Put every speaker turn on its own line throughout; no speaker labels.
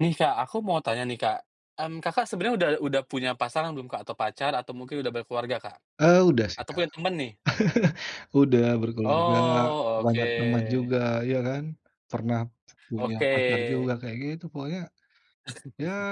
Nih Kak, aku mau tanya nih Kak. Kan, Kakak sebenernya udah udah punya pasangan belum Kak atau pacar atau mungkin udah berkeluarga Kak?
Eee, udah sih
Atau
Kak.
punya temen nih?
Udah berkeluarga,
Oh,
banyak teman
oke.
juga ya kan. Pernah punya
Oke.
pacar juga kayak gitu pokoknya, ya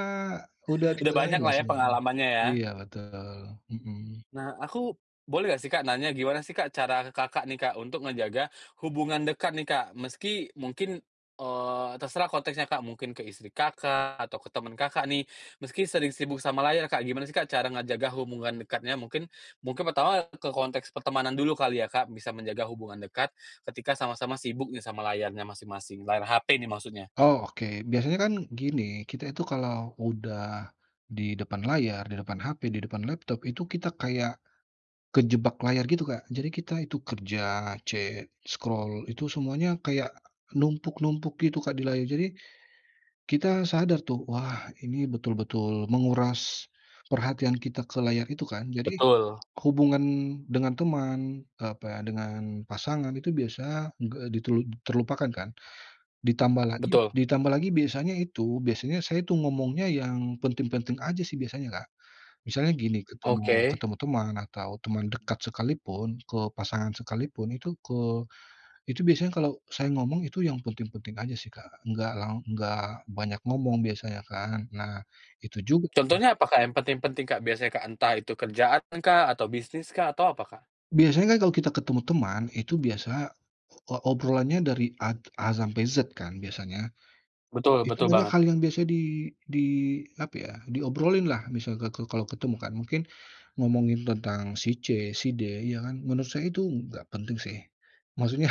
udah di
Udah
jalaninlah
banyaklah ya
semuanya.
pengalamannya ya?
Iya betul, mhm.
Nah, aku boleh nggak sih Kak nanya, gimana sih Kak cara ke Kakak nih Kak untuk ngejaga hubungan dekat nih Kak, meski mungkin, eee, terserah konteksnya Kak, mungkin ke istri Kakak atau ke temen Kakak nih meski sering sibuk sama layar Kak, gimana sih Kak cara ngejaga hubungan dekatnya? Mungkin mungkin pertama ke konteks pertemanan dulu kali ya Kak, bisa menjaga hubungan dekat ketika sama-sama sibuk nih sama layarnya masing-masing, layar HP ini maksudnya?
Oh, oke. Biasanya kan gini, kita itu kalau udah di depan layar, di depan HP, di depan laptop itu kita kayak kejebak layar gitu Kak. Jadi kita itu kerja, cek, scroll, itu semuanya kayak numpuk-numpuk gitu Kak di layar. Jadi kita sadar tuh, wah ini betul-betul menguras perhatian kita ke layar itu kan. Jadi
Betul.
hubungan dengan teman, eee, apa ya, dengan pasangan itu biasanya enggak di telu terlupakan kan. Ditambah lagi
Betul.
ditambah lagi biasanya itu, biasanya saya tuh ngomongnya yang penting-penting aja sih biasanya Kak. Misalnya gini, ketemu
Oke.
ketemu teman atau teman dekat sekalipun, ke pasangan sekalipun itu ke itu biasanya kalau saya ngomong itu yang penting-penting aja sih Kak. Nggak lang nggak banyak ngomong biasanya kan. Nah, itu juga tuh.
Contohnya apa Kak? Yang penting-penting Kak, biasanya Kak? Entah itu kerjaankah atau bisniskah atau apa Kak?
Biasanya kan kalau kita ketemu teman itu biasa o obrolannya dari A t A sampai Z kan biasanya?
Betul
Itu
betul
banyak
banget.
hal yang biasa di di apa ya, diobrolinlah, misalkan ka kalau ketemu kan. Mungkin ngomongin tentang si C, si D, ya kan? Menurut saya itu nggak penting sih. Maksudnya,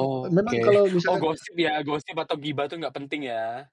me
oke.
memang kalau
Oh,
misalkan
gosip ya. Gosip atau gibah itu nggak penting ya.